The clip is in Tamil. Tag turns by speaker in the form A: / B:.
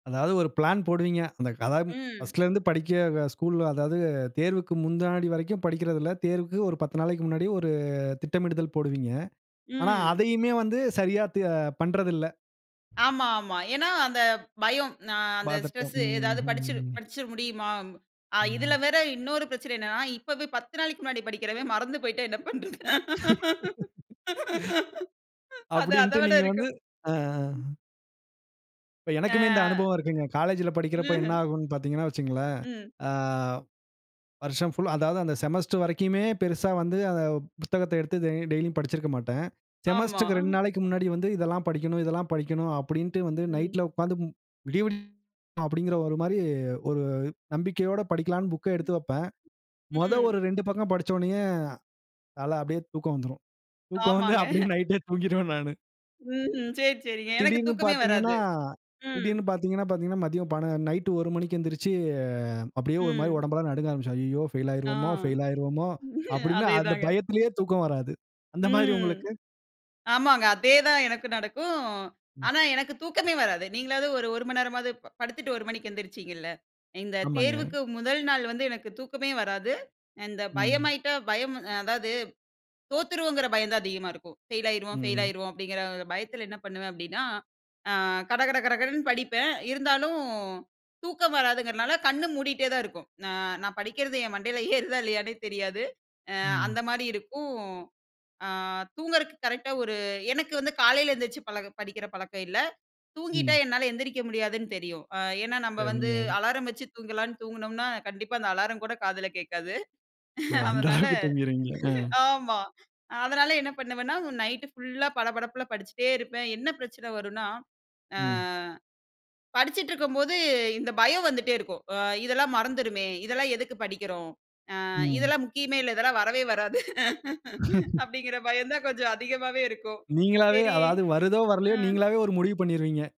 A: அதாவது ஒரு பிளான் போடுவீங்க. அந்த கதம்
B: ம்.
A: பர்ஸ்ட்ல இருந்து படிக்க ஸ்கூல் அதாவது தேர்வுக்கு முன்னாடி வரைக்கும் படிக்கிறதில்ல. தேர்வுக்கு ஒரு 10 நாளைக்கு முன்னாடி ஒரு, திட்டமிடுதல் போடுவீங்க. ஆனா
B: ம்.
A: அதயுமே வந்து சரியா தே பண்றதில்ல.
B: ஆமா, ஆமா. ஏன்னா அந்த பயம். நா அந்த
A: பார்த்துப்போம்.
B: ஸ்ட்ரெஸ்ஸு எதாவது படிச்சு
A: ம்ஹ்ம்.
B: படிச்சுர முடியுமா? அ இதுல
A: ம்.
B: வேற இன்னொரு பிரச்சனை என்னன்னா, இப்பவே 10 நாளைக்கு முன்னாடி படிக்கிறவன், மறந்து போய்ட்டா என்ன பண்ணுறது. அது, அத
A: அப்படின்ட்டு
B: விட
A: நீங்க வந்து
B: இருக்கும்.
A: அ.
B: ம்.
A: இப்ப எனக்குமே இந்த
B: ஆ.
A: அனுபவம் இருக்குங்க. காலேஜ்ல படிக்கிறப்ப என்ன
B: ம்ஹ்ம்.
A: ஆகும்ன்னு பார்த்தீங்கன்னா வச்சுக்கோங்களேன்.
B: ம்.
A: அ. வருஷம் ஃபுல் அதாவது அந்த செமஸ்டர் வரைக்குமே பெரிசா வந்து அ அந்த புத்தகத்த எடுத்து டெய்லியும் படிச்சுருக்க மாட்டேன்.
B: ஆமா.
A: செமஸ்டர்க்கு 2 நாளைக்கு முன்னாடி வந்து இதெல்லாம் படிக்கணும், இதெல்லாம் படிக்கணும் அப்படின்ட்டு வந்து
B: ம்.
A: நைட்ல உட்கார்ந்து மு விடிய விடிய அப்படிங்கிற ஒரு மாரி ஒரு நம்பிக்கையோடு படிக்கலாம்ன்னு, புக்க எடுத்து வெப்பேன். மொத
B: ம்.
A: ஒரு 2 பக்கம் படிச்ச உடனேயே அத அப்படியே தூக்கம் வந்துரும். தூக்கம் வந்து
B: ஆமாங்க.
A: அப்படியே நைட்டே தூங்கிருவேன் நானு.
B: ம்ஹ்ம். சரி, சரி. எனக்கு
A: திடீர்ன்னு
B: தூக்கமே
A: பார்த்தீங்கன்னா,
B: வராது. ம்.
A: திடீர்ன்னு பார்த்தீங்கன்னா பார்த்தீங்கன்னா, மதியம் பண நைட் 1 மணிக்கு எந்திரிச்சு, அ அப்படியே ஒரு மாரி
B: ம்.
A: உடம்பெல்லாம் நடுங்க ஆரம்பிச்சிரும். ஐய்யய்யோ பெயில்
B: ஆ.
A: ஆயிருவோமோ, பெயில் ஆயிருவோமோ அப்படின்னு அந்த
B: அதேதாங்க.
A: பயத்திலேயே தூக்கம் வராது. அந்த மாரி
B: ம்.
A: உங்களுக்கு?
B: ஆமாங்க அதே தான் எனக்கு நடக்கும்.
A: ம்.
B: ஆனா எனக்கு தூக்கமே வராது, நீங்களாவது 1, 1 மணி நேரமாவது ப படுத்துட்டு 1 மணிக்கு எந்திரிச்சிங்கல்ல, இந்த
A: ஆமாங்க.
B: தேர்வுக்கு முதல் நாள் வந்து எனக்கு தூக்கமே வராது! இந்த
A: ம்.
B: பயமாகிட்டா பயம் அதாவது தோத்துருவோங்கிற பயம் தான் அதிகமா இருக்கும். ஃபெயில் ஆயிடுவோம் ஃபெயில்
A: ம்.
B: ஆயிடுவோம் அப்படிங்கிற பயத்தில என்ன பண்ணுவேன் அப்படின்னா. அ, கடகட கடகடன்னு படிப்பேன். இருந்தாலும் தூக்கம் வராதுங்கிறதுனால கண்ண மூடிட்டே தான் இருக்கும். ந நான் படிக்கிறது என் மண்டைல ஏறுதா இல்லயானே தெரியாது. அ அந்த
A: ம்.
B: மாரி இருக்கும். அ தூங்குறது கரெக்ட்டா ஒரு எனக்கு வந்து காலைல எந்திரிச்சு, பழக படிக்கிற பழக்கம் இல்ல. தூங்கிட்டா
A: ம்.
B: என்னால எந்திரிக்க முடியாதுன்னு தெரியும். அ, ஏன்னா நம்ம வந்து
A: சரிங்க.
B: அலாரம் வச்சு தூங்கலான்னு தூங்குனோம்னா, கண்டிப்பா அந்த அலாரம் கூட காதில கேட்காது.
A: ஓ! அந்த
B: அதனால
A: அளவுக்கு தூங்கிறீங்க. அ.
B: ஆமா. அதனால என்ன பண்ணுவேன்னா நைட்டு ஃபுல்லா படபடப்புல படிச்சிட்டே இருப்பேன் என்ன பிரச்சனை வரும்னா, அ,
A: ம்.
B: அ. படிச்சிட்டுருக்கும்போது, இந்த பயம் வந்துட்டே இருக்கும், அ இதெல்லாம் மறந்துருமே, அ இதெல்லாம் எதுக்கு படிக்கிறோம், அ
A: ம்.
B: இதெல்லாம் முக்கியமே இல்ல. இதெல்லாம் வரவே வராது அப்படிங்கிற பயம் தான் கொஞ்சம் அதிகமாவே இருக்கும்.
A: நீங்களாகவே
B: சரி.
A: அதாவது வருதோ வரலையோ,
B: ம்.
A: நீங்களாவே ஒரு முடிவு பண்ணிருவீங்க.